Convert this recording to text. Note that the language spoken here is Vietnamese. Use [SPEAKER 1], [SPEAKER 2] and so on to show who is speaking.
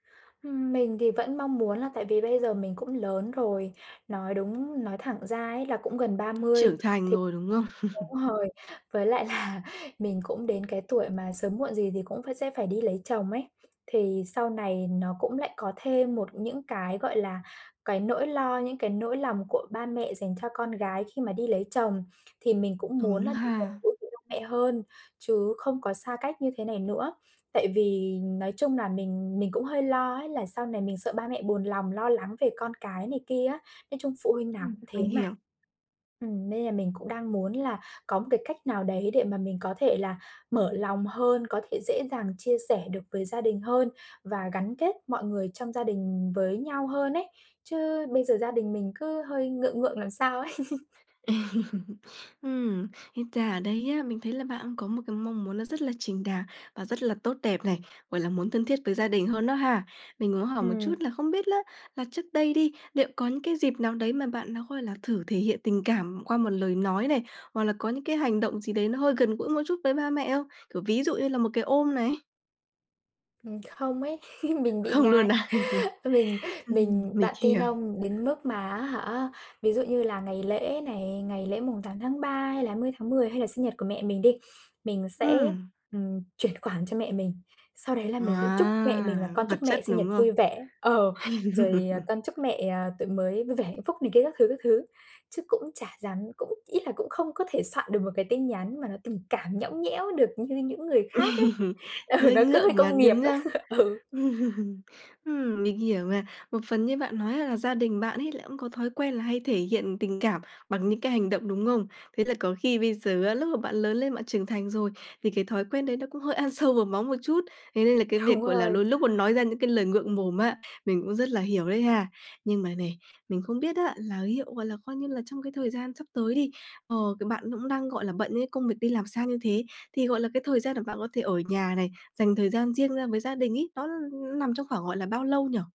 [SPEAKER 1] Ừm, mình thì vẫn mong muốn là tại vì bây giờ mình cũng lớn rồi, nói đúng nói thẳng ra ấy là cũng gần 30,
[SPEAKER 2] Trưởng thành
[SPEAKER 1] thì
[SPEAKER 2] rồi, đúng không?
[SPEAKER 1] đúng rồi, với lại là mình cũng đến cái tuổi mà sớm muộn gì thì cũng phải sẽ phải đi lấy chồng ấy, thì sau này nó cũng lại có thêm một những cái, gọi là, cái nỗi lo những cái nỗi lòng của ba mẹ dành cho con gái khi mà đi lấy chồng thì mình cũng muốn
[SPEAKER 2] Đúng
[SPEAKER 1] là được gần
[SPEAKER 2] ha.
[SPEAKER 1] gũi với ba mẹ hơn, chứ không có xa cách như thế này nữa. Tại vì nói chung là mình mình cũng hơi lo ấy là sau này mình sợ ba mẹ buồn lòng lo lắng về con cái này kia á, nói chung phụ huynh nào
[SPEAKER 2] Ừm.
[SPEAKER 1] cũng thế
[SPEAKER 2] Mình
[SPEAKER 1] mà.
[SPEAKER 2] hiểu.
[SPEAKER 1] Ừm, nên là mình cũng đang muốn là có một cái cách nào đấy để mà mình có thể là mở lòng hơn, có thể dễ dàng chia sẻ được với gia đình hơn và gắn kết mọi người trong gia đình với nhau hơn ấy, chứ bây giờ gia đình mình cứ hơi ngượng ngượng làm sao ấy.
[SPEAKER 2] Ừm, ít ra ở đây á, mình thấy là bạn cũng có một cái mong muốn nó rất là chính đáng và rất là tốt đẹp này, gọi là, muốn thân thiết với gia đình hơn đó ha. Mình muốn hỏi một chút
[SPEAKER 1] Ừm.
[SPEAKER 2] là không biết á, là trước đây đi, liệu có những cái dịp nào đấy mà bạn nó, gọi là, thử thể hiện tình cảm qua một lời nói này, hoặc là có những cái hành động gì đấy nó hơi gần gũi một chút với ba mẹ không? Kiểu, ví dụ như là một cái ôm này?
[SPEAKER 1] Ừm, không ấy, mình bị
[SPEAKER 2] Không luôn
[SPEAKER 1] ngại,
[SPEAKER 2] à?
[SPEAKER 1] mình
[SPEAKER 2] Ừm,
[SPEAKER 1] mình
[SPEAKER 2] mình
[SPEAKER 1] bạn tin
[SPEAKER 2] hiểu.
[SPEAKER 1] không? Đến mức mà á hả, ví dụ như là ngày lễ này, ngày lễ mùng 8/3 hay là 20/10 hay là sinh nhật của mẹ mình đi mình sẽ,
[SPEAKER 2] Ừm.
[SPEAKER 1] ừm, chuyển khoản cho mẹ mình, sau đấy là mình sẽ chúc mẹ mình là
[SPEAKER 2] À,
[SPEAKER 1] "con
[SPEAKER 2] vật
[SPEAKER 1] chúc
[SPEAKER 2] chất
[SPEAKER 1] mẹ sinh nhật
[SPEAKER 2] đúng
[SPEAKER 1] vui
[SPEAKER 2] không?
[SPEAKER 1] vẻ", ờ, rồi, ờ, "con chúc mẹ, à, tuổi mới vui vẻ, hạnh phúc" này kia các thứ, các thứ, chứ cũng chả dám cũng ý là cũng không có thể soạn được 1 cái tin nhắn mà nó tình cảm nhõng nhẽo được như những người khác ấy. Ừ,
[SPEAKER 2] Hơi
[SPEAKER 1] nó cứ hơi
[SPEAKER 2] ngượng mà,
[SPEAKER 1] công nghiệp
[SPEAKER 2] đúng
[SPEAKER 1] á.
[SPEAKER 2] không?
[SPEAKER 1] Ừ.
[SPEAKER 2] Ừm, mình hiểu mà. Một phần như bạn nói là gia đình bạn ấy là cũng có thói quen là hay thể hiện tình cảm bằng những cái hành động, đúng không? Thế là có khi bây giờ á, lúc mà bạn lớn lên bạn trưởng thành rồi thì cái thói quen đấy nó cũng hơi ăn sâu vào máu một chút. Thế nên là cái việc,
[SPEAKER 1] Đúng
[SPEAKER 2] gọi là,
[SPEAKER 1] rồi.
[SPEAKER 2] đôi lúc muốn nói ra những cái lời ngượng mồm á, mình cũng rất là hiểu đấy ha. Nhưng mà này, mình không biết á là liệu gọi là, coi như là trong cái thời gian sắp tới đi, ờ, kiểu, bạn cũng đang, gọi là, bận những công việc đi làm xa như thế thì, gọi là, cái thời gian mà bạn có thể ở nhà này, dành thời gian riêng ra với gia đình ấy, nó nằm trong khoảng, gọi là, bao lâu nhỉ?